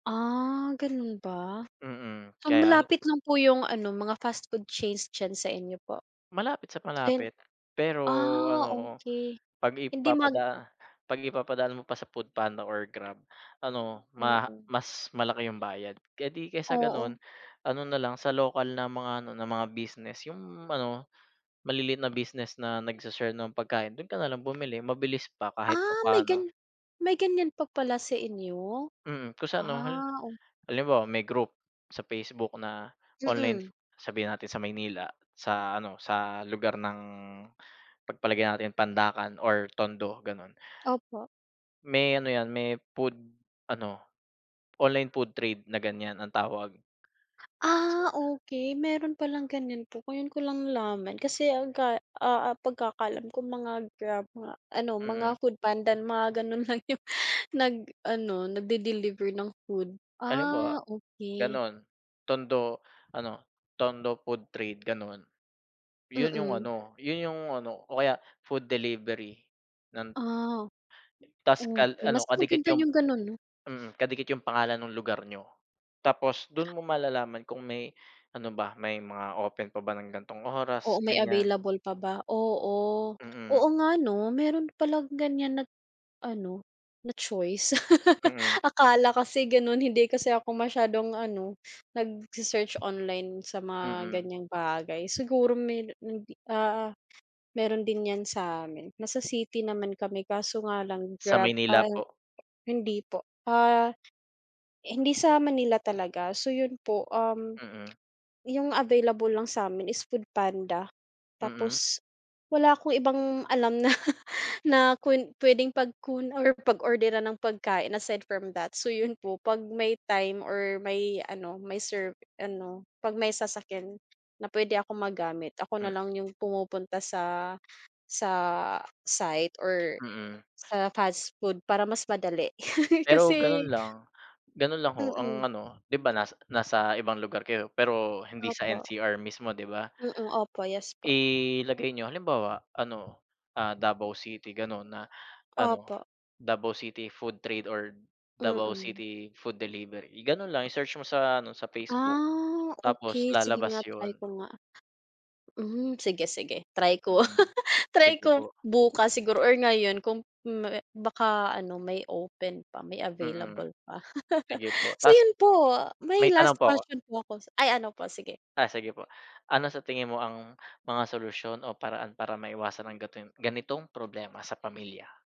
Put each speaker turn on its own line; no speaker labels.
Ah, ganun ba?
Mm,
So
kaya ne
malapit lang po yung ano, mga fast food chains diyan sa inyo po?
Malapit sa
Sen
malapit, pero
Ah,
ano o
okey,
pag
hindi mag
ipapada pag ipapadaan mo pa sa Foodpanda or Grab ano maha
Oo.
mas malaki yung bayad. Eh, di kaysa ganun,
Oo.
ano nalang sa lokal na mga ano na mga business yung ano maliliit na business na nagse-share ng pagkain do'n ka nalang bumili mabilis pa kahit
Ah, may
papaano.
gan may ganyan pa pala sa inyo?
Mm, kung sa ano, hal
Ah, oh.
halimbawa may group sa Facebook na online.
Mm.
Sabihin natin sa Maynila, sa ano sa lugar ng pagpalagay natin Pandacan or Tondo ganon.
Opo.
May ano yan, may food ano online food trade na ganyan ang tawag. Sa
Ah, okey, meron palang ganyan po, ngayon ko lang nalaman kasi aga ah ah, pagkakaalam ko mga Grab, mga ano, mga
Mhm.
Foodpanda mga gano'n lang yung nag-ano nag-de-deliver ng food.
Halimbawa
Ah, okey.
ganun, Tondo, ano Tondo food trade gano'n. Yun yung
Mm.
ano, yun yung ano o kaya food delivery. Nan
Ah.
Tas kal
Okey
ano
mas
kadikit
maganda
yung,
yung ganon, 'no?
mm, kadikit yung pangalan nung lugar niyo. Tapos dun mo malalaman kung may ano ba, may mga open pa ba ng ganitong oras,
Oo, may
ganyan.
available pa ba, oo.
Mm.
Oo, nga ano meron palang ganyan na ano na choice.
Mm.
Akala kasi ganun hindi kasi ako masyadong ano nagse-search online sa mga
Mm.
ganiyang bagay. Siguro meron hindi, ah, meron din yan sa amin. Nasa city naman kami kaso nga lang
Sa
Grab,
Maynila
ah,
po.
hindi po, ah, hindi sa Manila talaga, so yun po, um,
Mm.
yung available lang sa'min is Foodpanda
Mm.
tapos wala akong ibang alam na na kwen pwedeng pagkun or pag orderan ng pagkain aside from that, so yun po pag may time or may ano, may serve ano, pag may sasakyan na pwede akong magamit ako
M
nalang yung pumupunta sa sa site or
Mm.
sa fast food para mas madali.
Pero ganun
Kasi
lang. Ganun lang, ho,
Mm.
ang ano di ba nas nasa ibang lugar kayo pero hindi sa
Opo.
NCR mismo di ba?
Mm, opo, yes, po.
Ilagay niyo halimbawa ano, ah, Davao City ganon na ano,
Opo.
Davao City Food Trade or Davao
Mm.
City Food Delivery. I ganon lang i-search mo sa ano sa Facebook,
Ah,
tapos
okey sige
lalabas
nga try
yun.
ko nga. Hmm, sige, sige try ko.
Mm,
Try
sige
ko
po.
bukas siguro or ngayon kung may baka ano may open pa may
Mm.
available pa.
Sige po.
So
Tas
yun po, may
may tanong
last
po ako.
question po ako s ay ano po, sige.
Ah, sige po. Ano sa tingin mo ang mga solusyon o paraan para maiwasan ang gatong ganitong problema sa pamilya?